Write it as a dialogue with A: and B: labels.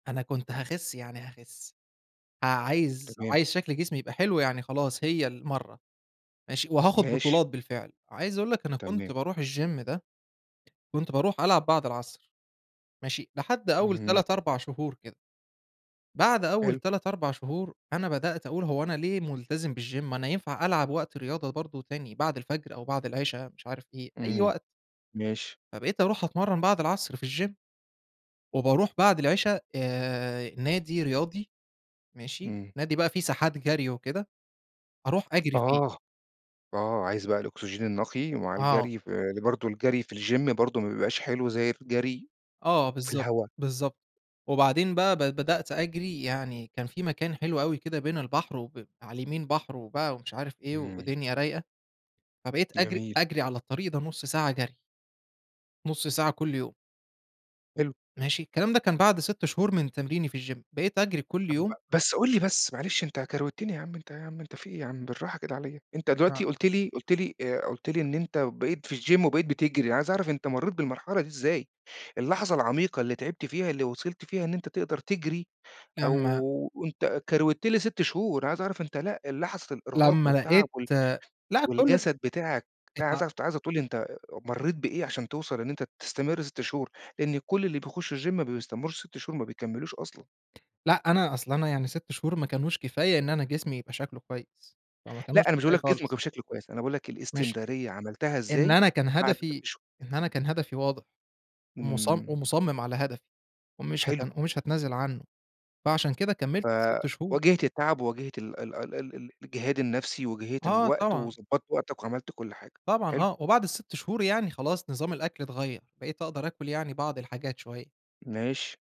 A: أنا كنت هاخِس يعني هاخِس. ع عايز
B: تمام.
A: عايز شكْل جسمي يبقى حلو يعني خلاص هي المرّة، ماشي، وهاخد
B: ماشي.
A: بطولات بالفعل، عايز أقول لك أنا كنت
B: تمام.
A: بارُوح الgym ده، كنت بارُوح ألعب بَعد العصر، ماشي، لحد أول
B: اهم.
A: 3، 4 شهور كده. بعد أول
B: حلو.
A: 3، 4 شهور، أنا بدأت أقول هو أنا ليه مُلتزِم بالgym، أنا ينفع ألعب وقت رياضة برضه تاني بَعد الفَجر أو بعد العِشا، مش عارف إيه، أي
B: اهم،
A: وقت.
B: ماشي.
A: فبقيت ارُوح أتمرّن بَعد العصر في الgym، وبارُوح بَعد العِشا آآ نادي رياضي، ماشي،
B: إمم.
A: نادي بقى في ساحات جرْي وكده، أروح أجرِي فيه.
B: آه، آه، عايز بقى الأوكسجين النقي مع
A: آه.
B: الجري، ف ل برضه الجري في الgym برضه ما بيبقاش حلو زي الجري
A: آه
B: في
A: بالضبط،
B: الهوا.
A: بالضبط. وبعدين بقى ب بدأت أجرِي، يعني كان في مكان حلو أوي كده بين البحر وب على اليمين بحر و بقى ومش عارف إيه
B: إمم.
A: ودنيا رايقة، فبقيت أجرِي
B: جميل.
A: أجرِي على الطريق ده نُص ساعة جري. نُص ساعة كلّ يوم.
B: حلو.
A: ماشي، الكلام ده كان بعد 6 شهور من تمريني في الgym بقيت أجرِي كلّ
B: طَب
A: يوم.
B: بس قُل لي بس معلش، أنت كروِتّني يا عم أنت، يا عم أنت في إيه يا عم، بالراحة كده عليَّ، أنت دلوقتي
A: آه.
B: قُلت لي قُلت لي آآ، قُلت لي إن أنت بقيت في الgym وبقيت بتجرِي، أنا عايز أعرَف أنت مرّيت بالمرحلة دي إزاي؟ اللحظة العميقة اللي تعِبت فيها، اللي وصَلت فيها إن أنت تقدَر تجرِي
A: لمّا
B: أو أنت كروِّتت لي 6 شهور، عايز أعرَف أنت لأ لحظة الإرهاق
A: لمّا
B: والتعَب
A: لقيت
B: وال
A: لأ كلّ ده
B: والجسد بتاعك، لأ
A: اتع
B: عايز اع عايزك تقول لي أنت مرّيت بإيه علشان توصَل إن أنت تستمر 6 شهور؟ لإن كل اللي بيخش الgym ما بيستمرّوش 6 شهور، ما بيكمّلوش أصلًا.
A: لأ، أنا أصل أنا يعني 6 شهور ما كانوش كفاية إن أنا جسمي يبقى شكله كويس، فما كانوش
B: لا، أنا مش باقول
A: كفاية
B: لك جسمك يبقى
A: خالص.
B: بشكل كويس، أنا باقول لك
A: ماشي،
B: الإستمرارية عملتها
A: إن
B: إزاي
A: أنا كان
B: بَعد 6
A: هدفي
B: شهور؟
A: إن أنا كان هدفي واضح ومص
B: إمم.
A: ومُصمِّم على هدفي ومش هات
B: حلو.
A: ومش هاتنازل عنه، فعلشان كده كمّلت
B: ف
A: ال6 شهور.
B: واجهت التعب وواجهت ال ال ال ال ال الجِهاد النفسي، واجهت
A: آه
B: الوقت
A: طبعًا.
B: وضبّطت وقتَك وعملت كلّ حاجة،
A: طبعًا
B: حلو.
A: آه، وبَعد ال6 شهور يعني خلاص نظام الأكل اتغيّر، بقيت أقدَر آكُل يعني بعض الحاجات شوية.
B: ماشي.